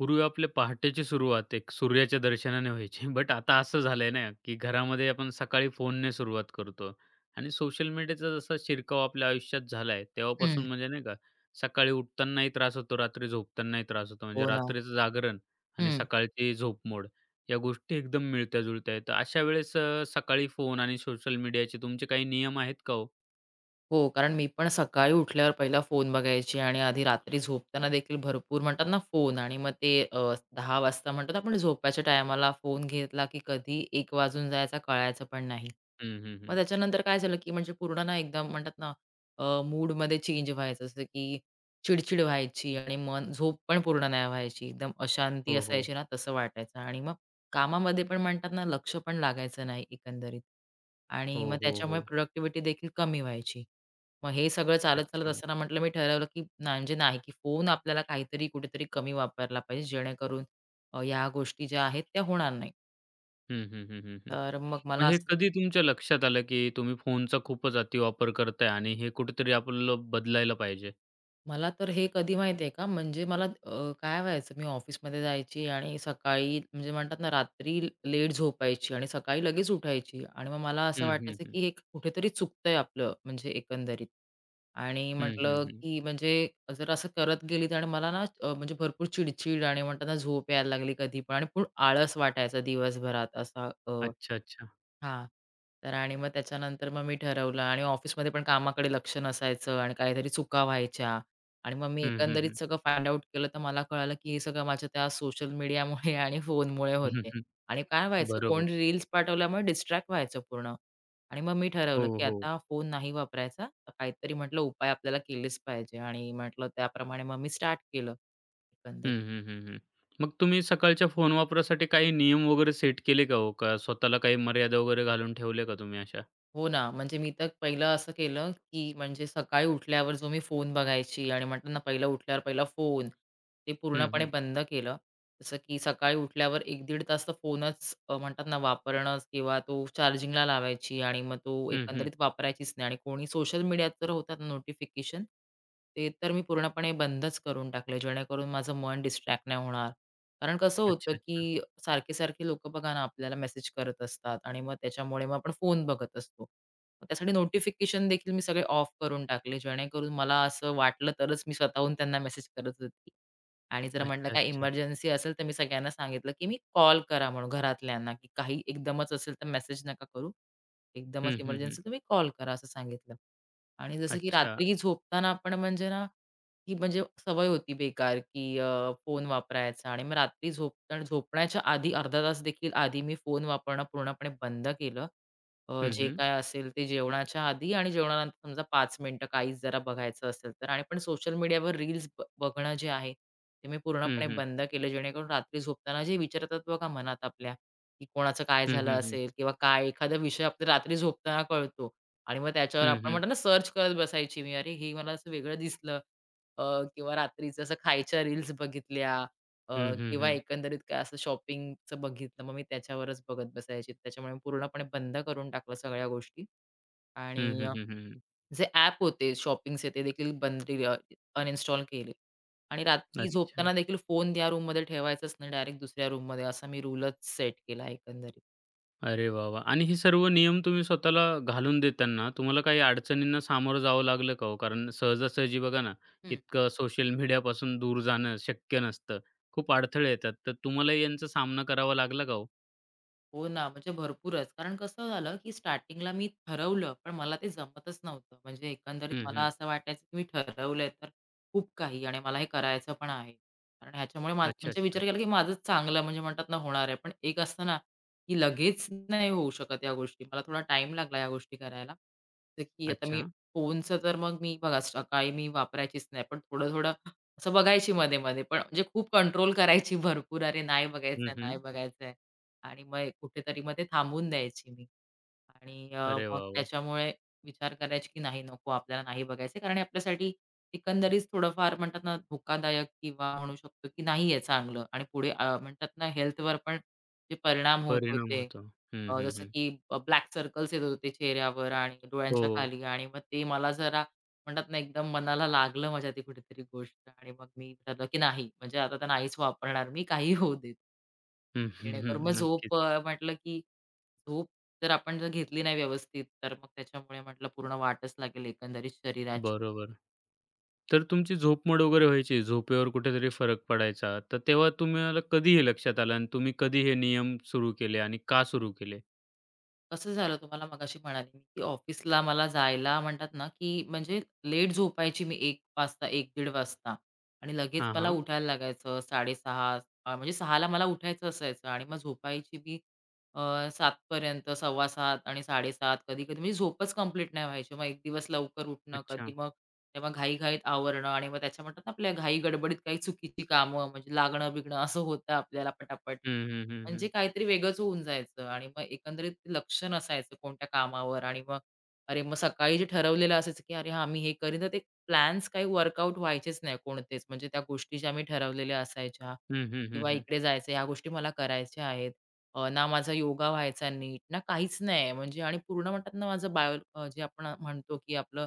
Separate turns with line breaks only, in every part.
पूर्वी आपले पहाटेची सुरुवात एक सूर्याच्या दर्शनाने व्हायची. बट आता असं झालंय ना, की घरामध्ये आपण सकाळी फोनने सुरुवात करतो आणि सोशल मीडियाचा जसा शिरकाव आपल्या आयुष्यात झाला आहे तेव्हापासून
हं.
म्हणजे नाही का, सकाळी उठतानाही त्रास होतो, रात्री झोपतानाही त्रास होतो म्हणजे
हो ना.
रात्रीचं जागरण आणि
हं.
सकाळची झोपमोड या गोष्टी एकदम मिळत्या-जुळत्या आहेत. तर अशा वेळेस अ, सकाळी फोन आणि सोशल मीडियाचे तुमचे काही नियम आहेत का हो?
हो कारण मी पण सकाळी उठल्यावर पहिला फोन बघायची आणि आधी रात्री झोपताना देखील भरपूर म्हणतात ना फोन आणि मग ते अ, 10 वाजता म्हणतात आपण झोपायच्या टायमाला फोन घेतला, की कधी 1 वाजून जायचं कळायचं पण नाही.
हं, हं,
मग
हं.
त्याच्यानंतर काय झालं, की म्हणजे पूर्ण ना एकदम म्हणतात ना अ, मूडमध्ये चेंज व्हायचं जसं की चिड-चिड व्हायची आणि मग झोप पण पूर्ण नाही व्हायची एकदम अशांती
हो, हो.
असायची ना तसं वाटायचं आणि मग कामामध्ये पण म्हणतात ना लक्षपण लागायचं नाही एकंदरीत. आणि मग
हो, हो,
त्याच्यामुळे
हो.
प्रॉडक्टिव्हिटी देखील कमी व्हायची. मग हे सगळं चालत-चालत
अच्छा.
असताना म्हटलं मी ठरवलं, की म्हणजे नाही, की फोन आपल्याला काहीतरी कुठेतरी कमी वापरला पाहिजे जेणेकरून अ, ह्या गोष्टी ज्या आहेत त्या होणार नाहीत.
हं, हं, हं, हं, हं.
तर मग मला
मग हे
असं.
कधी तुमच्या लक्षात आलं, की तुम्ही फोनचा खूपच अतिवापर करताय आणि हे कुठेतरी आपल्याला बदलायला पाहिजे?
मला तर हे कधी माहिती आहे का म्हणजे अ, मला काय व्हायचं मी ऑफिसमध्ये जायची आणि सकाळी म्हणजे म्हणतात ना रात्री लेट झोपायची आणि सकाळी लगेच उठायची आणि मग मला असं
हं, हं,
वाटायचं,
हं.
की हे कुठेतरी चुकतंय आपलं म्हणजे एकंदरीत आणि
हं, हं,
म्हटलं,
हं.
की म्हणजे जर असं करत गेली आणि मला ना अ, म्हणजे भरपूर चिडचिड आणि म्हणताना झोप यायला लागली कधीपण आणि आळस वाटायचं दिवसभरात असा अ,
अच्छा-अच्छा.
हां तर आणि मग त्याच्यानंतर मग मी ठरवलं आणि ऑफिसमध्ये पण कामाकडे लक्ष नसायचं आणि काहीतरी चुका व्हायच्या आणि मग मी
हं, हं,
एकंदरीत
हं.
सगळं फाइंड आउट केलं तर मला कळालं, की हे सगळं माझ्या त्या सोशल मीडियामुळे आणि फोनमुळे
हं,
होते आहे
हं.
आणि काय व्हायचं
बरोबर.
कोणी रील्स पाठवल्यामुळे डिस्ट्रॅक्ट व्हायचं पूर्ण आणि मग मी
हो,
ठरवलं, की
हो.
आता फोन नाही वापरायचा काहीतरी म्हटलं उपाय आपल्याला केलेच पाहिजे आणि म्हटलं त्याप्रमाणे मग मी स्टार्ट केलं
हं,
एकंदरीत.
हं, हं, हं. मग तुम्ही सकाळच्या फोन वापरासाठी काही नियम वगैरे सेट केले का हो, का स्वतःला काही मर्यादा वगैरे घालून ठेवले का तुम्ही अशा?
हो ना म्हणजे मी तर पहिलं असं केलं, की म्हणजे सकाळी उठल्यावर जो मी फोन बघायची आणि म्हटलं ना पहिलं उठल्यावर पहिला फोन ते
हं,
पूर्णपणे
हं.
बंद केलं. जसं, की सकाळी उठल्यावर 1 दीड तास तो फोनच अ, म्हणतात ना वापरणं किंवा तो चार्जिंगला लावायची आणि मग तो
हं, हं.
एकंदरीत वापरायचीच नाही आणि कोणी सोशल मीडियात तर होतात नोटिफिकेशन ते तर मी पूर्णपणे बंदच करून टाकलं जेणेकरून माझं मन डिस्ट्रॅक्ट नाही होणार. कारण कसं होतं,
अच्छा, अच्छा.
की अ, सारखे-सारखे लोकं बघा ना आपल्याला मेसेज करत असतात आणि मग त्याच्यामुळे मग आपण फोन बघत असतो. मग त्यासाठी नोटिफिकेशन देखील मी सगळे ऑफ करून टाकले जेणेकरून मला असं वाटलं तरच मी स्वतःहून त्यांना मेसेज करत होती आणि जर म्हटलं
अच्छा,
काही
अच्छा.
एमर्जन्सी असेल तर मी सगळ्यांना सांगितलं, की मी कॉल करा म्हणून घरातल्यांना काही एकदमच असेल तर मेसेज नका करू. एकदमच
हं, हं, हं.
एमर्जन्सी तुम्ही कॉल करा असं सांगितलं आणि जसं की
अच्छा.
रात्री झोपताना आपण म्हणजे ना ही म्हणजे सवय होती बेकार की अ, फोन वापरायचा आणि मग रात्री झोपताना झोपण्याच्या आधी अर्धा तासदेखील आधी मी फोन वापरणं पूर्णपणे बंद केलं. अ,
हं,
जे
हं.
काय असेल ते जेवणाच्या आधी आणि जेवणानंतर समजा 5 मिनिटं काहीच जरा बघायचं असेल तर आणि पण सोशल मीडियावर रील्स बघणं जे आहे, ते मी
हं,
पूर्णपणे
हं.
बंद केलं. जेणेकरून रात्री झोपताना जे विचार येतात बघा मनात आपल्या कोणाचं काय
हं,
झालं
हं, हं.
असेल किंवा काय एखादा विषय आपला रात्री झोपताना कळतो आणि मग त्याच्यावर
हं,
आपण
हं.
म्हणतो ना सर्च करत बसायची मी अरे, हे मला असं वेगळं दिसलं. अ, किंवा रात्रीचं असं खायच्या रील्स बघितल्या अ,
हं, हं,
किंवा
हं.
एकंदरीत काय असं शॉपिंगचं बघितलं मग मी त्याच्यावरच बघत बसायची. त्याच्यामुळे पूर्णपणे बंद करून टाकलं सगळ्या गोष्टी
हं,
आणि
हं,
अ,
हं, हं, हं.
जे ॲप होते शॉपिंग्स तेदेखील बंद अनइन्स्टॉल केले आणि रात्री
अच्छा.
झोपताना देखील फोन ह्या रूममध्ये ठेवायचाच नाही डायरेक्ट दुसऱ्या रूममध्ये असा मी रूलच सेट केला एकंदरीत.
अरे वाह, वाह! आणि हे सर्व नियम तुम्ही स्वतःला घालून देताना तुम्हाला काही अडचणींना सामोरं जावं लागलं का हो, कारण सहजासहजी बघा ना,
हं.
इतकं सोशल मीडियापासून दूर जाणं शक्य नसतं. खूप अडथळे येतात तर तुम्हालाही यांचा सामना करावा लागला का हो?
हो ना म्हणजे भरपूरच. कारण कसं झालं, की स्टार्टिंगला मी ठरवलं पण मला ते जमतच नव्हतं. म्हणजे एकंदरीत
हं,
मला
हं.
असं वाटायचं, की मी ठरवलंय तर खूप काही आणि मला हे करायचं पण आहे. कारण ह्याच्यामुळे
अच्छा,
म्हणजे
अच्छा.
विचार केला, की माझंच चांगलं म्हणजे म्हणतात ना होणार आहे. पण एक असतं ना, की लगेच नाही होऊ शकत ह्या गोष्टी. मला थोडा टाईम लागला ह्या गोष्टी करायला, की आता मी
अच्छा.
फोनच तर मग मी बघा सकाळी मी वापरायचीच नाही. पण थोडं-थोडं असं बघायची मध्ये-मध्ये पण म्हणजे खूप कंट्रोल करायची भरपूर अरे नाही
हं,
बघायचंय, नाही
हं.
बघायचंय आणि मग कुठेतरी मग ते थांबवून द्यायची मी आणि अ,
अरे
मग
वाह, वाह!
त्याच्यामुळे विचार करायची, की नाही नको आपल्याला नाही बघायचंय. कारण आपल्यासाठी एकंदरीच थोडंफार म्हणतात ना धोकादायक किंवा म्हणू शकतो की नाहीये चांगलं आणि पुढे अ, म्हणतात ना हेल्थवर पण जे परिणाम होत
परिणाम
होते.
होतो. हं,
अ,
हं,
जसं
हं.
की ब्लॅक सर्कल्स येत होते चेहऱ्यावर आणि डोळ्यांच्या
हो.
खाली आणि मग ते मला जरा म्हणतात ना एकदम मनाला लागलं माझ्या कुठेतरी गोष्ट आणि मग मी म्हटलं, की नाही म्हणजे आता तर नाहीच वापरणार मी काहीही होऊ देत.
हं, हं,
जेणेकरून मग
हं नक्कीच.
झोप अ, म्हटलं की झोप जर आपण जर घेतली नाही व्यवस्थित तर मग त्याच्यामुळे म्हटलं पूर्ण वाटच लागेल एकंदरीत शरीराची.
बरोबर, तर तुमची झोपमोड वगैरे व्हायची, झोपेवर कुठेतरी फरक पडायचा, तर तेव्हा तुम्हाला कधी हे लक्षात आलं आणि तुम्ही कधी हे नियम सुरू केले आणि का सुरू केले?
कसं झालं तुम्हाला मगाशी म्हणाले की ऑफिसला मला जायला म्हणतात ना की म्हणजे लेट झोपायची मी 01:00 वाजता 01:00 - 01:30 वाजता आणि लगेच
हां,
मला
हां.
उठायला लागायचं 6:30 म्हणजे 6ला मला उठायचं असायचं आणि मग झोपायची मी अ, 7:00 पर्यंत 7:15 आणि 7:30 कधी-कधी म्हणजे झोपच कंप्लीट नाही व्हायची. मग एक दिवस लवकर उठणं
अच्छा.
कधी मग तेव्हा घाई-घाईतं आवरणं आणि मग त्याच्या म्हणतात ना आपल्या घाई गडबडीत काही चुकीची कामं म्हणजे लागणं बिगणं असं होतं आपल्याला पटापट.
हं, हं, हं,
म्हणजे
हं.
काहीतरी वेगळंच होऊन जायचं आणि मग एकंदरीत लक्षच नसायचं कोणत्या कामावर आणि मग अरे मग सकाळी जे ठरवलेलं असायचं, की अरे हां मी हे करीन तर ते प्लॅन्स काही वर्कआउट व्हायचेच नाही कोणतेच, म्हणजे त्या गोष्टी ज्या आम्ही ठरवलेल्या असायच्या
हं, हं, हं,
किंवा
हं.
इकडे जायचं ह्या गोष्टी मला करायच्या आहेत. अ, ना माझा योगा व्हायचा नीट, ना काहीच नाहीये म्हणजे आणि पूर्ण म्हणतात ना माझं बायोलॉजी आपण म्हणतो की आपलं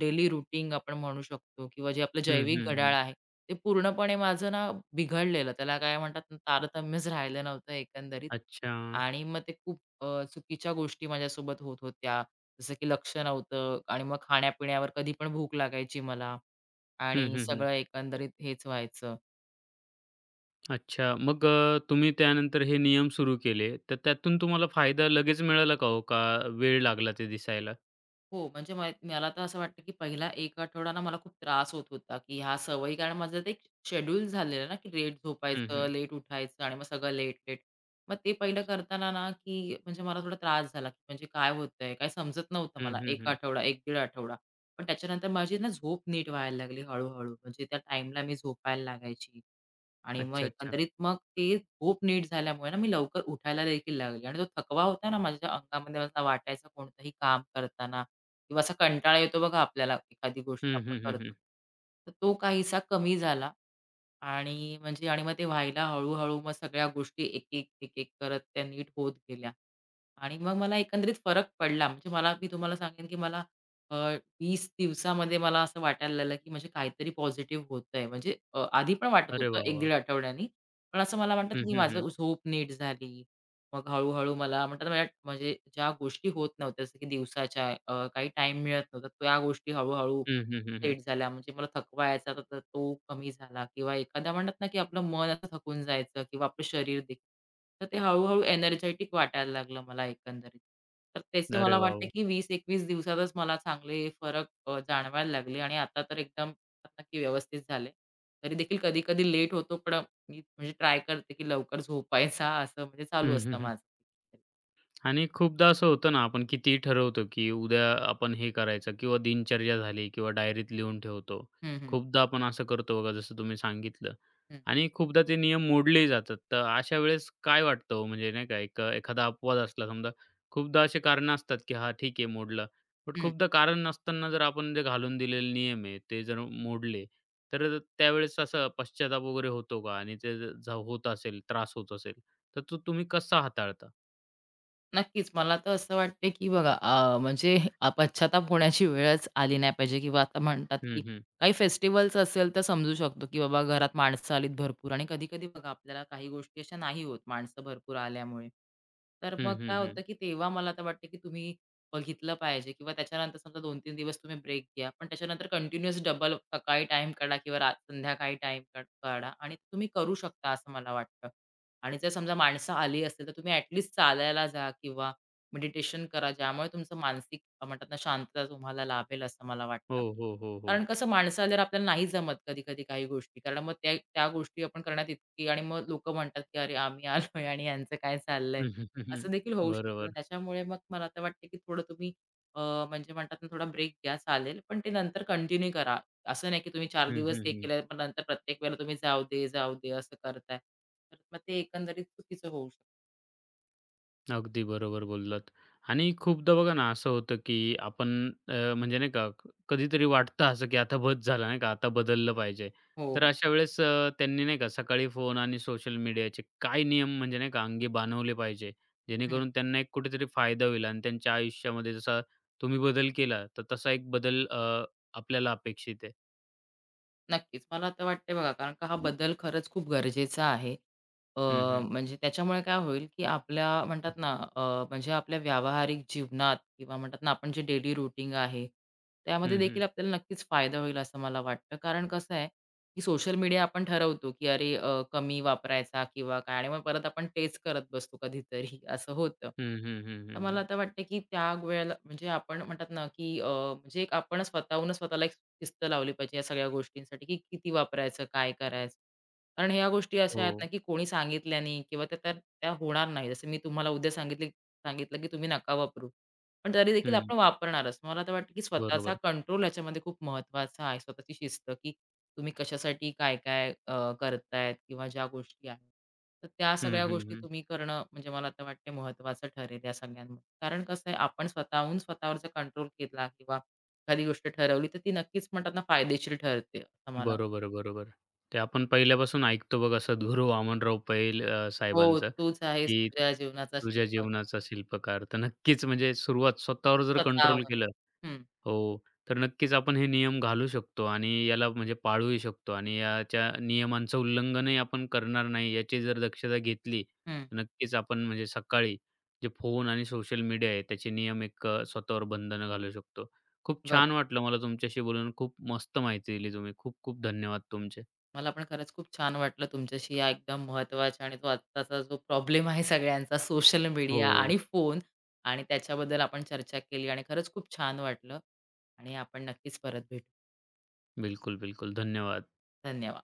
डेली रूटीन आपण म्हणू शकतो किंवा जे आपलं
हं,
जैविक
हं,
घड्याळ
हं.
आहे, ते पूर्णपणे माझं ना बिघडलेलं, त्याला काय म्हणतात तारतम्यच राहिलं नव्हतं एकंदरीत.
अच्छा.
आणि मग ते खूप अ, चुकीच्या गोष्टी माझ्यासोबत होत होत्या. जसं की लक्ष नव्हतं आणि मग खाण्यापिण्यावर कधी पण भूक लागायची मला
हं,
आणि
हं, हं.
सगळं एकंदरीत हेच व्हायचं.
अच्छा, मग अ, तुम्ही त्यानंतर हे नियम सुरू केले. तर त्यातून तुम्हाला फायदा लगेच मिळाला का हो का वेळ लागला ते दिसायला?
हो म्हणजे माही मला तर असं वाटतं की पहिला एक आठवडा ना मला खूप त्रास होत होता की ह्या सवयी कारण माझं ते, शेड्यूल झालेलं आहे ना की लेट
हं,
झोपायचं,
हं.
लेट उठायचं आणि मग सगळं लेट-लेट. मग ते पहिलं करतांना ना की म्हणजे मला थोडा त्रास झाला. म्हणजे काय होतंय काय समजत नव्हतं
हं,
मला
हं,
1
हं.
आठवडा, एक दीड आठवडा. पण त्याच्यानंतर माझी ना झोप नीट व्हायला लागली हळू-हळू म्हणजे त्या टाईमला मी झोपायला लागायची. आणि मग
अच्छा-अच्छा.
एकंदरीत मग ते खूप नीट झाल्यामुळे मी लवकर उठायला देखील लागली. आणि तो थकवा होता ना माझ्या अंगामध्ये असा वाटायचं कोणतंही काम करतांना किंवा असा कंटाळा येतो बघा आपल्याला एखादी गोष्ट
हं,
आपण
हं, हं,
करतो.
हं.
तर तो काहीसा कमी झाला आणि म्हणजे आणि मग ते व्हायला हळू-हळू मग सगळ्या गोष्टी एकेक-एकेक करत त्या नीट होत गेल्या. आणि मग मला एकंदरीत फरक पडला. म्हणजे मला मी तुम्हाला सांगेन की मला अ, 20 दिवसामध्ये मला असं वाटायला लागलं की म्हणजे काहीतरी पॉझिटिव्ह होतंय. म्हणजे अ, आधी पण वाटत
अरे
होतं
वाह!
1
वाह!
दीड आठवड्यांनी. पण असं मला वाटतं
हं,
की
हं,
माझी
हं.
झोप नीट झाली. मग हळू-हळू मला म्हणतात ना मला म्हणजे ज्या गोष्टी होत नव्हत्या जसं की दिवसाच्या अ, काही टाईम मिळत नव्हता. त्या गोष्टी हळू-हळू
हं, हं, हं, हं.
सेट झाल्या म्हणजे मला थकवा यायचा तर तो कमी झाला किंवा एखाद्या म्हणतात ना की आपलं मन असं थकून जायचं किंवा आपलं शरीर देखील तर ते हळू-हळू एनर्जेटिक वाटायला लागलं मला एकंदरीत. तर तसे
अरे
मला
वाह!
वाटते
वाह!
की 20 21 दिवसातच मला चांगले फरक अ, जाणवायला लागले आणि आता तर एकदम नक्की व्यवस्थित झाले. तरी देखील कधी-कधी लेट होतो पण मी म्हणजे ट्राय करते की लवकर झोपायचा असं म्हणजे
हं,
चालू
हं,
असतं
हं.
माझं.
आणि खूपदा असं होतं ना आपण कितीही ठरवतो की उद्या आपण हे करायचं किंवा दिनचर्या झाली किंवा डायरीत लिहून ठेवतो.
हं, हं.
खूपदा आपण असं करतो बघा जसं तुम्ही सांगितलं
हं.
आणि खूपदा ते नियम मोडलेही जातात. तर अशा वेळेस काय वाटतं ओ म्हणजे नाही का एक एखादा अपवाद असला समजा खूपदा असे कारणं असतात की हा ठीक आहे मोडलं. पण
हं.
खूपदा कारण नसताना जर आपण ते घालून दिलेले नियम आहे ते जर म मोडले तर त त्यावेळेस असं पश्चाताप वगैरे होतो का आणि ते ज जर होत असेल, त्रास होत असेल तर तो तुम्ही कसा हाताळता?
नक्कीच, मला तर असं वाटतंय की बघा अ, म्हणजे अ, पश्चात्ताप होण्याची वेळच आली नाही पाहिजे किंवा आता म्हणतात की
हं, हं.
काही फेस्टिव्हल्स असेल तर समजू शकतो की बाबा घरात माणसं आलीत भरपूर आणि कधी-कधी बघा आपल्याला काही गोष्टी अशा नाही होत माणसं भरपूर आल्यामुळे. तर मग
हं,
काय
हं, हं.
होतं की तेव्हा मला तर वाटतं की तुम्ही बघितलं पाहिजे किंवा त्याच्यानंतर समजा 2-3 दिवस तुम्ही ब्रेक घ्या पण त्याच्यानंतर कंटिन्युअस डबल अप सकाळी टाईम काढा किंवा रा संध्याकाळी टाईम काढा आणि तुम्ही करू शकता असं मला वाटतं आणि जर समजा माणसं आली असतील तर तुम्ही ॲट लीस्ट चालायला जा किंवा मेडिटेशन करा. ज्यामुळे तुमचं मानसिक म्हणतात ना शांतता तुम्हाला लाभेल असं मला
हो,
वाटतं.
हो, हो, हो.
कारण कसं माणसं आल्यावर आपल्याला नाहीच जमत कधी-कधी काही गोष्टी. कारण मग त्या त्या गोष्टी आपण करण्यात इतकी आणि मग लोकं म्हणतात की, "अरे, आम्ही आलोय आणि ह्यांचं काय चाललंय?" असं देखील होऊ शकतं.
बरोबर.
त्याच्यामुळे मग मला तर वाटत की थोडं तुम्ही अ, म्हणजे म्हणतात ना थोडा ब्रेक घ्या चालेल पण ते नंतर कंटिन्यू करा. असं नाही की तुम्ही 4
हं,
दिवस
हं,
हे
हं.
केलंय पण नंतर प्रत्येक वेळेला तुम्ही जाऊदे-जाऊदे असं करताय. तर मग ते एकंदरीत चुकीचं होऊ शकतं.
अगदी बरोबर बोललात आणि खूपदा बघा ना असं होतं, की आपण अ, म्हणजे नाही का कधीतरी वाटतं असं की आता बस झाला नाही का आता बदललं पाहिजे.
हो,
तर
हो.
अशा वेळेस अ, त्यांनी नाही का सकाळी फोन आणि सोशल मीडियाचे काय नियम म्हणजे नाही का अंगी बानवले पाहिजे?
हं.
जेणेकरून त्यांना एक कुठेतरी फायदा होईल आणि त्यांच्या आयुष्यामध्ये जसा तुम्ही बदल केला तर तसा एक बदल अ, आपल्याला अपेक्षित आहे.
नक्कीच, मला तर वाटतंय बघा कारण हा बदल खरंच खूप गरजेचा आहे. अ,
हं, हं.
म्हणजे त्याच्यामुळे काय होईल की आपल्या म्हणतात ना अ, म्हणजे आपल्या व्यावहारिक जीवनात किंवा म्हणतात ना आपण जे डेली रूटीन आहे, त्यामध्ये
हं, हं.
देखील आपल्याला नक्कीच फायदा होईल असं मला वाटतं. कारण कसं आहे, की सोशल मीडिया आपण ठरवतो की अरे अ, कमी वापरायचा किंवा काय आणि मग परत आपण तेच करत बसतो कधीतरी असं होतं.
हं, हं, हं,
तर
हं,
मला
हं.
आता वाटतंय की त्या गोयेला म्हणजे आपण म्हणतात ना की अ, म्हणजे आपण स्वतःहूनच स्वतःला एक शिस्त लावली पाहिजे ह्या सगळ्या गोष्टींसाठी की किती वापरायचं? काय करायचं? कारण ह्या गोष्टी अशा आहेत
हो.
ना की कोणी सांगितल्या नाही किंवा त्या तर त्या होणार नाहीत. जसं मी तुम्हाला उद्या सांगितली सांगितलं की तुम्ही नका वापरू पण तरी देखील
हं.
आपण वापरणारच. मला तर वाटतं की स्वतःचा
बरोबर.
कंट्रोल ह्याच्यामध्ये खूप महत्वाचा आहे. स्वतःची शिस्त की तुम्ही कशासाठी काय-काय अ, करतायत किंवा ज्या गोष्टी आहेत. तर त्या
हं,
सगळ्या
हं,
गोष्टी
हं.
तुम्ही करणं म्हणजे मला तर वाटत महत्त्वाचं ठरेल ह्या सगळ्यांमध्ये. कारण कसं आहे आपण स्वतःहून स्वतःवर जर कंट्रोल घेतला किंवा एखादी गोष्ट ठरवली तर ती नक्कीच म्हणतात ना फायदेशीर ठरते असं मला
बरोबर-बरोबर, ते आपण पहिल्यापासून ऐकतो बघा असं सतगुरू वामनराव पैल अ,
हो,
साहेबांचं,
तूच आहेस
की
तुझ्या जीवनाचा
तुझ्या
शिल्प
जीवनाचा शिल्पकार तर नक्कीच म्हणजे सुरुवात स्वतःवर जर कंट्रोल
स्वतःवर,
केलं
हं.
हो, तर नक्कीच आपण हे नियम घालू शकतो आणि याला म्हणजे पाळूही शकतो आणि याच्या नियमांचं उल्लंघनही आपण करणार नाही याची जर दक्षता घेतली
हं.
तर नक्कीच आपण म्हणजे सकाळी जे फोन आणि सोशल मीडिया आहे त्याचे नियम एक अ, स्वतःवर बंधनं घालू शकतो. खूप
बर.
छान वाटलं मला तुमच्याशी बोलून खूप मस्त माहिती दिली तुम्ही खूप-खूप धन्यवाद तुमचे.
मला पण खरंच खूप छान वाटलं तुमच्याशी या एकदम महत्त्वाच्या आणि आत्ताचा जो प्रॉब्लेम आहे सगळ्यांचा सोशल मीडिया
हो.
आणि फोन आणि त्याच्याबद्दल आपण चर्चा केली आणि खरंच खूप छान वाटलं आणि आपण नक्कीच परत भेटू.
बिलकुल-बिलकुल, धन्यवाद.
धन्यवाद.